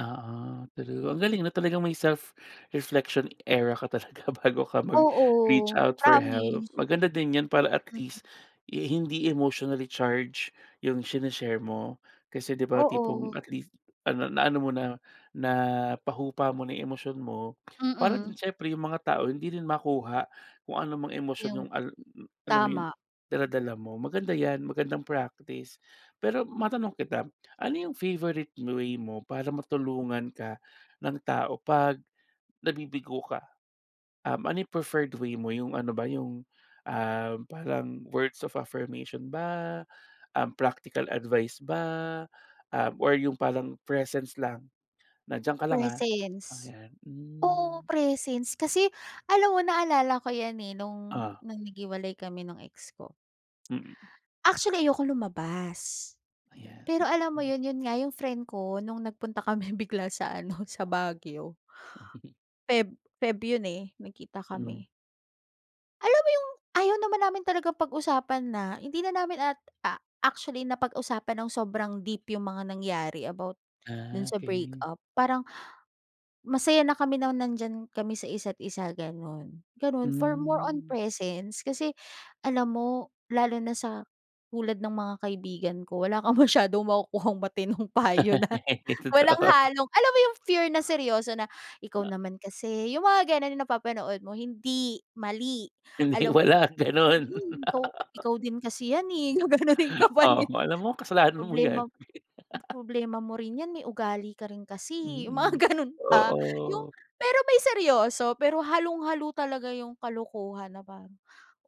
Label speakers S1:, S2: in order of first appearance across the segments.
S1: Oo, true. Ang galing, 'no, talagang may self-reflection era ka talaga bago ka mag-reach
S2: Oo,
S1: out for help.
S2: promise.
S1: Maganda din 'yan para, at least,
S2: Mm.
S1: eh, hindi emotionally-charged yung shine-share mo kasi, 'di ba,
S2: Oo.
S1: tipong at least, ah, na-ano mo na, napahupa mo na yung emosyon mo, para din
S2: Mm.
S1: siyempre, yung mga tao, hindi rin makuha kung ano mang emosyon
S2: Yung
S1: yung, al m m alam mo yun,
S2: tama.
S1: dala-dala mo. Maganda 'yan, magandang practice. Pero matanong kita, ano yung favorite m way mo para matulungan ka ng tao pag nabibigo ka? Um, ano yung preferred way mo? Yung ano ba yung, ah, parang words of affirmation ba, um, practical advice ba, um, or yung parang presence lang na, "Diyan ka lang, ah." oh,
S2: Presence.
S1: yan.
S2: Oo,
S1: Hmm.
S2: presence, kasi alam mo, naalala ko 'yan, eh, nung
S1: Oh.
S2: nung naghiwalay kami nung ex ko.
S1: Mm.
S2: Actually, ayokong lumabas.
S1: Ayan,
S2: Pero alam mo
S1: okey.
S2: 'yun, 'yun nga, yung friend ko, nung nagpunta kami bigla sa ano, sa Baguio. Feb Feb yun, eh, nag-kita
S1: Hmm.
S2: kami. Alam mo yung, ayaw naman namin talagang pag-usapan na, hindi na namin at, a actually, napag-usapan nang sobrang deep yung mga nangyari about dun
S1: Ah,
S2: sa break
S1: okey.
S2: up. Parang masaya na kami nang nandiyan kami sa isa't isa, gano'n. Gano'n, for more on
S1: Hmm.
S2: presence, kasi alam mo, lalo na sa tulad ng mga kaibigan ko, wala kang masyadong makukuhang matinong payo na walang
S1: Totoo.
S2: halong, alam mo yung, fear na seryoso na. "Ikaw
S1: Ha
S2: naman kasi." yung mga gano'n yung napapanood mo, "Hindi, mali."
S1: Hindi,
S2: alam mo
S1: wala gano'n.
S2: yung, go "Ikaw din kasi 'yan, eh." gaganunin ka pa ni
S1: Oo, alam mo kasalanan mo
S2: "Problema
S1: yan.
S2: problema mo rin 'yan, eh. May ugali ka rin kasi, eh." yung mga
S1: Mm,
S2: gano'n pa. Yung
S1: oo.
S2: pero may seryoso, pero halong-halo talaga yung kalokohan na parang,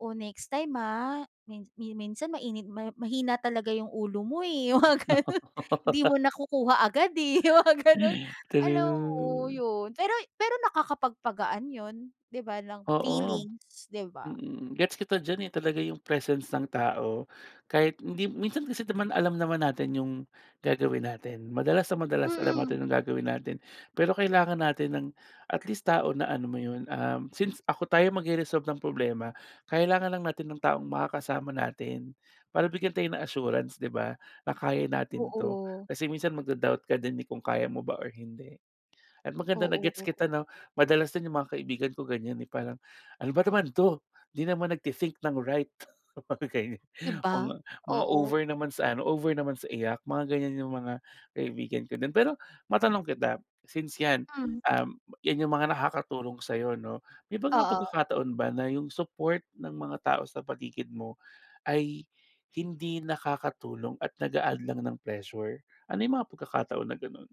S2: "Oh, next time, ah, min yun minsan mainit mahi mahina talaga yung ulo mo, eh," yung mga gano'n. "Hindi mo nakukuha agad, eh." yung mga gano'n. Hala, oo,
S1: True.
S2: yon. Pero y pero nakakapagpagaan 'yon, 'di ba, ng
S1: Oo.
S2: feelings, 'di ba?
S1: Mm, gets kita diyan, eh, talaga, yung presence ng tao, kahit hindi minsan kasi naman alam naman natin yung gagawin natin. Madalas na madalas, alam
S2: Mm.
S1: natin yung gagawin natin pero kailangan natin ng at least, tao na ano mo 'yun, um, since ako tayo magre-resolve ng problema, kailangan lang natin ng taong makakasama natin para bigyan tayo ng assurance, 'di ba, na kaya natin 'to.
S2: Oo.
S1: Kasi minsan, magda-doubt ka din, eh, kung kaya mo ba or hindi. At maganda na gets
S2: Oo.
S1: kita, 'no? Madalas din yung mga kaibigan ko, ganyan, eh, parang, "Ano ba naman 'to? Hindi naman nagte-think nang right," okey.
S2: Di ba?
S1: Mga mga
S2: Oo.
S1: over naman sa ano, over naman sa iyak, mga ganyan yung mga kaibigan ko din. Pero matanong kita, since, 'yan,
S2: Hmm.
S1: um, 'yan yung mga nakakatulong sa'yo, 'no, may mga
S2: Oo.
S1: pagkakataon ba na yung support ng mga tao sa paligid mo ay hindi nakakatulong at nag-a-add lang ng pressure? Ano yung mga pagkakataon na gano'n?